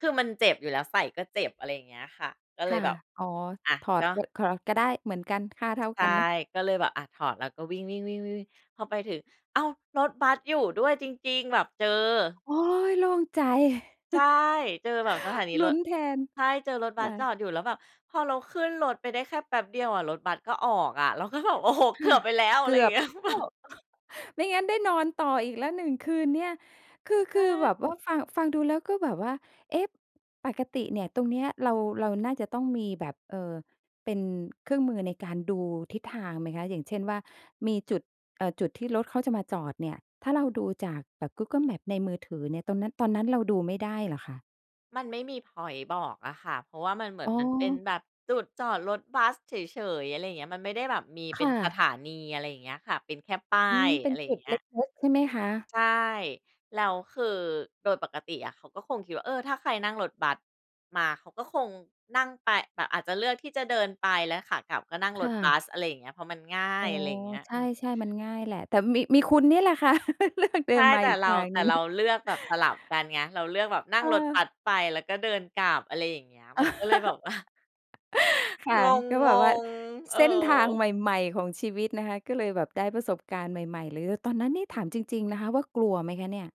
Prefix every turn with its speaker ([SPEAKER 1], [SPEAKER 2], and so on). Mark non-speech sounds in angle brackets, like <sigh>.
[SPEAKER 1] คือมันเจ็บอยู่แล้ว ใส่ก็เจ็บ อะไรอย่างเงี้ยค่ะ ก็เล
[SPEAKER 2] ค่
[SPEAKER 1] ย
[SPEAKER 2] ะ
[SPEAKER 1] แบบ
[SPEAKER 2] อ๋อ
[SPEAKER 1] อะ
[SPEAKER 2] ถอ
[SPEAKER 1] ก
[SPEAKER 2] ด
[SPEAKER 1] ็
[SPEAKER 2] ก็ ถอดก็ได้เหมือนกัน ค่าเท่า
[SPEAKER 1] ใช
[SPEAKER 2] ก
[SPEAKER 1] ่
[SPEAKER 2] ันเนาะ
[SPEAKER 1] ก็เลยแบบ อะ ถอดแล้วก็วิ่ง ๆ ๆ ๆ พอไปถึง อ้าว! รถบัสอยู่ด้วยจริง ๆ แบบเจอ
[SPEAKER 2] โอ๊ย โล่งใจ
[SPEAKER 1] ใช่
[SPEAKER 2] <chuckles>
[SPEAKER 1] เจอแบบสถานี
[SPEAKER 2] ล
[SPEAKER 1] ร
[SPEAKER 2] ุ้
[SPEAKER 1] ถ
[SPEAKER 2] นแทน
[SPEAKER 1] ใช่ เจอรถบ
[SPEAKER 2] ค
[SPEAKER 1] ัส
[SPEAKER 2] ่
[SPEAKER 1] จ
[SPEAKER 2] ะ
[SPEAKER 1] อดอยู่ แล้วแบบพอเราขึ้นรถไปได้แค่แป๊บเดียวอะ รถบัสก็ออกอะ เราก็แบบ อ้โฮ
[SPEAKER 2] ค
[SPEAKER 1] เก
[SPEAKER 2] ่
[SPEAKER 1] ื
[SPEAKER 2] ะ
[SPEAKER 1] อบไปแล้ว อ
[SPEAKER 2] เ
[SPEAKER 1] ะ
[SPEAKER 2] ก
[SPEAKER 1] ไร
[SPEAKER 2] ื
[SPEAKER 1] อย่
[SPEAKER 2] อ
[SPEAKER 1] าง
[SPEAKER 2] บ
[SPEAKER 1] เงี
[SPEAKER 2] ไ
[SPEAKER 1] ้
[SPEAKER 2] ป
[SPEAKER 1] ย
[SPEAKER 2] แล
[SPEAKER 1] แบ
[SPEAKER 2] ้
[SPEAKER 1] บ
[SPEAKER 2] ว <chuckles> ไม่งั้นได้นอนต่ออีกแล้ว 1 คืนเนี่ย คือ
[SPEAKER 1] ใ
[SPEAKER 2] ค
[SPEAKER 1] ช
[SPEAKER 2] ือ
[SPEAKER 1] ่
[SPEAKER 2] แบบว่าฟัง ฟังดูแล้ว ก็แบบว่า เอ๊ะ ปกติเนี่ย ตรงนี้เรา เราน่าจะต้องมีแบบ เอ่อ เป็นเครื่องมือในการดูทิศทางไหมคะ อย่างเช่นว่า มีจุด เอ่อ จุดที่รถเขาจะมาจอดเนี่ย ถ้าเราดูจากแบบ Google Maps ในมือถือเนี่ย ตรงนั้น ตอนนั้นเราดูไม่ได้เหรอคะ?
[SPEAKER 1] มันไม่มีพ็อยนต์บอกอะค่ะ เพราะว่ามันเหมือ
[SPEAKER 2] อ
[SPEAKER 1] น
[SPEAKER 2] ๋
[SPEAKER 1] มันเป็น
[SPEAKER 2] อ
[SPEAKER 1] แบบจุดจอดรถบัสเฉย ๆ อะไรอย่างเงี้ย มันไม่ได้แบบมีเ
[SPEAKER 2] ค
[SPEAKER 1] ป็
[SPEAKER 2] ่
[SPEAKER 1] นส
[SPEAKER 2] ะ
[SPEAKER 1] ถานี อะไรอย่างเงี้ยค่ะ เป็นแค่ป้า
[SPEAKER 2] อืม
[SPEAKER 1] ย
[SPEAKER 2] เป็
[SPEAKER 1] อะ
[SPEAKER 2] น
[SPEAKER 1] ไรอ
[SPEAKER 2] จ
[SPEAKER 1] ย่
[SPEAKER 2] ุ
[SPEAKER 1] าง
[SPEAKER 2] ด
[SPEAKER 1] เงี้
[SPEAKER 2] เล
[SPEAKER 1] ย
[SPEAKER 2] ็ก ๆ ใช่ไหมคะ?
[SPEAKER 1] ใช่ แล้วคือโดยปกติอะเขาก็คงคิดว่า เออ ถ้าใครนั่งรถบัสมา เขาก็คงนั่งไป แบบอาจจะเลือกที่จะเดินไป แล้วขากลับก็นั่ง
[SPEAKER 2] ค
[SPEAKER 1] ร
[SPEAKER 2] ่
[SPEAKER 1] ถบ
[SPEAKER 2] ะ
[SPEAKER 1] ัส อะไรอย่างเงี้ย เพราะมันง่า
[SPEAKER 2] อ๋
[SPEAKER 1] ย
[SPEAKER 2] อ
[SPEAKER 1] อะไรอย่างเงี้ย
[SPEAKER 2] ใ
[SPEAKER 1] อืม
[SPEAKER 2] ช่ ๆ มันง่ายแหละ แต่มี มีคุณนี่แหละค่ะ <chuckles> เลือก เดิ
[SPEAKER 1] ใช่
[SPEAKER 2] นมา
[SPEAKER 1] แต่
[SPEAKER 2] อีก
[SPEAKER 1] เร
[SPEAKER 2] ท
[SPEAKER 1] า
[SPEAKER 2] าง
[SPEAKER 1] แต
[SPEAKER 2] ห
[SPEAKER 1] ่
[SPEAKER 2] นึ่
[SPEAKER 1] เรา
[SPEAKER 2] ง
[SPEAKER 1] เลือกแบบสลับกันไง เราเลือกแบบนั่
[SPEAKER 2] เ
[SPEAKER 1] ง
[SPEAKER 2] อ
[SPEAKER 1] รถ
[SPEAKER 2] อ
[SPEAKER 1] บัสไปแล้วก็เดินกลับ อะไรอย่างเงี้ย มันก็เลยแบบ
[SPEAKER 2] <chuckles>
[SPEAKER 1] ว่า <chuckles>
[SPEAKER 2] ค่ะ
[SPEAKER 1] ง
[SPEAKER 2] ก็แบบว่า
[SPEAKER 1] ง ๆ เอ
[SPEAKER 2] เ
[SPEAKER 1] อ
[SPEAKER 2] ส้นทางใหม่ ๆ ของชีวิตนะคะ ก็เลยแบบได้ประสบการณ์ใหม่ ๆ เลย ตอนนั้นนี่ถามจริง ๆ นะคะว่า กลัวไหมคะเนี่ย?